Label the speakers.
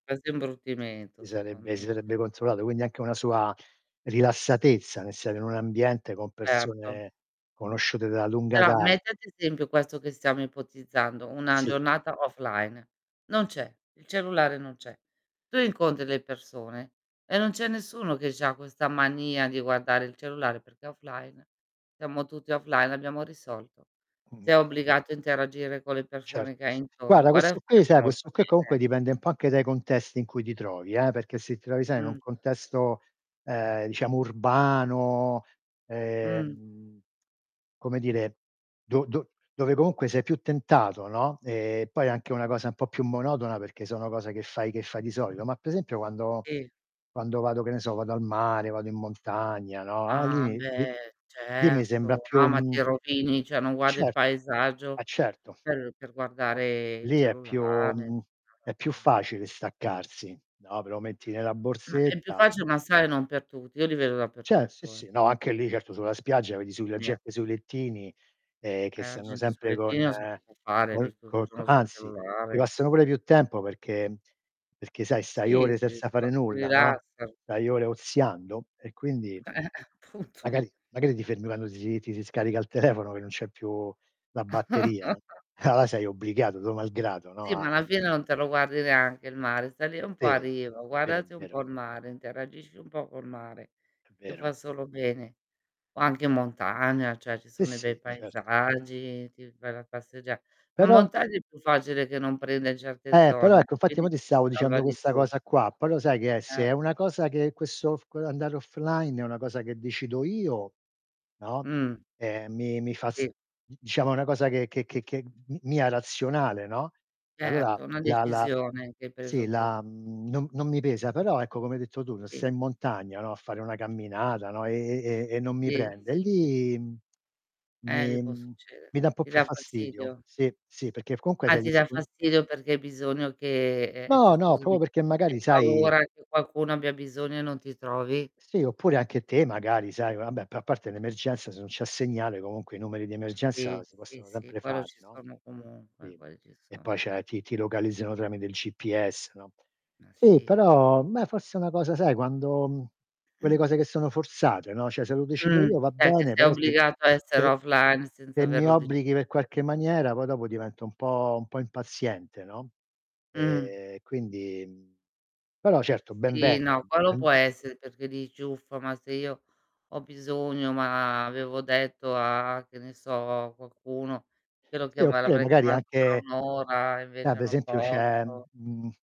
Speaker 1: Quasi imbruttimento,
Speaker 2: Sì
Speaker 1: secondo
Speaker 2: sarebbe si
Speaker 1: me.
Speaker 2: sarebbe controllato, quindi anche una sua rilassatezza nel stare in un ambiente con
Speaker 1: Erto.
Speaker 2: persone conosciute da lunga
Speaker 1: Però,
Speaker 2: da
Speaker 1: metti ad esempio questo che stiamo ipotizzando, una
Speaker 2: Sì.
Speaker 1: giornata offline. Non c'è, il cellulare non c'è. Tu incontri delle personem e non c'è nessuno che c'ha questa mania di guardare il cellulare perché è offline, stiamo tutti offline, e abbiamo risolto.
Speaker 2: Mh-mh.
Speaker 1: Sei obbligato a interagire con le
Speaker 2: Cer
Speaker 1: persone che hai intorno.
Speaker 2: guarda,
Speaker 1: Guarda
Speaker 2: questo
Speaker 1: che
Speaker 2: qui
Speaker 1: farebbe
Speaker 2: sai, questo
Speaker 1: molto
Speaker 2: qui comunque
Speaker 1: bene, eh.
Speaker 2: dipende un po' anche dai contesti in cui ti trovi, eh, perché se ti trovi, sai, in un
Speaker 1: Mh.
Speaker 2: contesto, uhm, diciamo urbano,
Speaker 1: Mh.
Speaker 2: ehm, come dire, do do dove comunque sei più tentato, no, e poi è anche una cosa un po' più monotona, perché sono cose che fai che fai di solito. Ma p esempio quando
Speaker 1: I
Speaker 2: quando vado, che ne so, vado al mare, vado in montagna, no, a
Speaker 1: Ah,
Speaker 2: lì [unintelligible]
Speaker 1: beh,
Speaker 2: lì mi sembra
Speaker 1: certo.
Speaker 2: più,
Speaker 1: No, ma ti
Speaker 2: mhmm
Speaker 1: rovini, cioè, non guardi il
Speaker 2: Certo. Eh,
Speaker 1: paesaggio,
Speaker 2: certo,
Speaker 1: per per
Speaker 2: no.
Speaker 1: guardare il
Speaker 2: Lì è più
Speaker 1: cellulare.
Speaker 2: mhmm, è più
Speaker 1: [unintelligible]
Speaker 2: facile staccarsi, no, però metti nella
Speaker 1: Ma è più
Speaker 2: borsetta.
Speaker 1: facil ma sai non per tutti. Io li vedo
Speaker 2: Cer sì,
Speaker 1: dappertutto, eh.
Speaker 2: sì. No, anche lì, certo sulla spiaggia vedi sui la
Speaker 1: [unintelligible]
Speaker 2: gente sui lettini, ehm, che
Speaker 1: Eh, a
Speaker 2: stanno
Speaker 1: gente sul
Speaker 2: sempre con
Speaker 1: lettino [unintelligible] fare, ed
Speaker 2: col
Speaker 1: è tutto il
Speaker 2: co co
Speaker 1: giorno sul
Speaker 2: anzi, ti
Speaker 1: cellulare.
Speaker 2: passano pure più tempo perché mhmm, perché sai, stai
Speaker 1: Sì,
Speaker 2: ore
Speaker 1: sì,
Speaker 2: senza fare
Speaker 1: [unintelligible]
Speaker 2: nulla, no,
Speaker 1: rilassa.
Speaker 2: stai ore oziando, e quindi,
Speaker 1: Appunto.
Speaker 2: magari magari ti fermi quando si ti si scarica il telefono che non c'è più la batteria. Ah, là, sei obbligato, tuo malgrado, no,
Speaker 1: Sì, ma
Speaker 2: a
Speaker 1: alla fine non te lo guardi neanche il mare, stai lì un po' a
Speaker 2: Sì. Però,
Speaker 1: riva.
Speaker 2: è vero, è
Speaker 1: Guardati un
Speaker 2: vero.
Speaker 1: po' il mare, interagisci un po' col mare,
Speaker 2: È
Speaker 1: che
Speaker 2: vero.
Speaker 1: fa solo bene. O anche montagna, cioè, ci
Speaker 2: Sì,
Speaker 1: sono dei bei
Speaker 2: sì. Cert
Speaker 1: paesaggi, ti vai la passeggia ma in
Speaker 2: Però
Speaker 1: montagna è più facile che non prende certe
Speaker 2: Eh, però
Speaker 1: zone,
Speaker 2: ecco, infatti
Speaker 1: quindi
Speaker 2: mo' ti
Speaker 1: ci
Speaker 2: stavo
Speaker 1: si
Speaker 2: dicendo
Speaker 1: salva di
Speaker 2: questa
Speaker 1: più.
Speaker 2: cosa qua, però sai che è se
Speaker 1: Eh.
Speaker 2: è una cosa che questo f quell'andare offline è una cosa che decido io, no,
Speaker 1: Mh.
Speaker 2: ehm, mi mi fa s
Speaker 1: Sì.
Speaker 2: d diciamo è una cosa che che che che m mia razionale, no, e allora
Speaker 1: Certo, una
Speaker 2: la la
Speaker 1: decisione che hai
Speaker 2: sì,
Speaker 1: preso tu.
Speaker 2: la mhmm, non non mi pesa. Però ecco, come hai detto tu, ra
Speaker 1: I
Speaker 2: sei in montagna, no, a fare una camminata, no, e e e e non mi
Speaker 1: Sì,
Speaker 2: prende,
Speaker 1: sì, sì.
Speaker 2: lì, mhmm,
Speaker 1: Eh, lì
Speaker 2: mi
Speaker 1: può
Speaker 2: mhmm,
Speaker 1: succedere.
Speaker 2: mi da un po'
Speaker 1: Ti
Speaker 2: più
Speaker 1: dà
Speaker 2: fastidio.
Speaker 1: fastidio?
Speaker 2: Sì, sì, perché f comunque
Speaker 1: Ah,
Speaker 2: sei
Speaker 1: ti dà
Speaker 2: discon
Speaker 1: fastidio perché hai bisogno che ehm, cioè
Speaker 2: No, no,
Speaker 1: scusami,
Speaker 2: proprio perché magari
Speaker 1: hai
Speaker 2: sai
Speaker 1: paura che qualcuno abbia bisogno e non ti trovi?
Speaker 2: Sì, oppure anche te, magari, sai vabbè, però a parte l'emergenza, se non c'è segnale comunque i numeri di emergenza
Speaker 1: Sì,
Speaker 2: si
Speaker 1: sì,
Speaker 2: possono
Speaker 1: sì,
Speaker 2: sempre
Speaker 1: quello
Speaker 2: fare,
Speaker 1: ci
Speaker 2: no.
Speaker 1: sono comunque,
Speaker 2: Sì.
Speaker 1: quel ci
Speaker 2: E poi
Speaker 1: sono.
Speaker 2: cioè, ti ti localizzano tramite il GPS, no.
Speaker 1: Ma
Speaker 2: Sì,
Speaker 1: sì.
Speaker 2: però, beh, forse è una cosa sai, quando mhmm, quelle cose che sono forzate, no, cioè, se lo decido
Speaker 1: Mh.
Speaker 2: io va
Speaker 1: È che
Speaker 2: bene,
Speaker 1: sei
Speaker 2: però se
Speaker 1: obbligato a
Speaker 2: s
Speaker 1: essere
Speaker 2: se
Speaker 1: offline senza
Speaker 2: se mi
Speaker 1: averlo
Speaker 2: obblighi
Speaker 1: deciso
Speaker 2: per
Speaker 1: tu.
Speaker 2: qualche maniera, poi dopo divento un po' un po' impaziente, no?
Speaker 1: Mh.
Speaker 2: Ehm, quindi, mhmm, però certo, ben
Speaker 1: Sì.
Speaker 2: venga,
Speaker 1: No. Quello può
Speaker 2: ben
Speaker 1: essere, perché dici: "Uffa, ma se io ho bisogno, ma avevo detto a che ne so, a qualcuno, che lo
Speaker 2: Sì,
Speaker 1: chiama
Speaker 2: oppure,
Speaker 1: l'avrei
Speaker 2: magari,
Speaker 1: chiamato tra
Speaker 2: anche
Speaker 1: 1 ora e
Speaker 2: Ah,
Speaker 1: invece
Speaker 2: pe
Speaker 1: non
Speaker 2: esempio c'è,
Speaker 1: posso."
Speaker 2: mhmm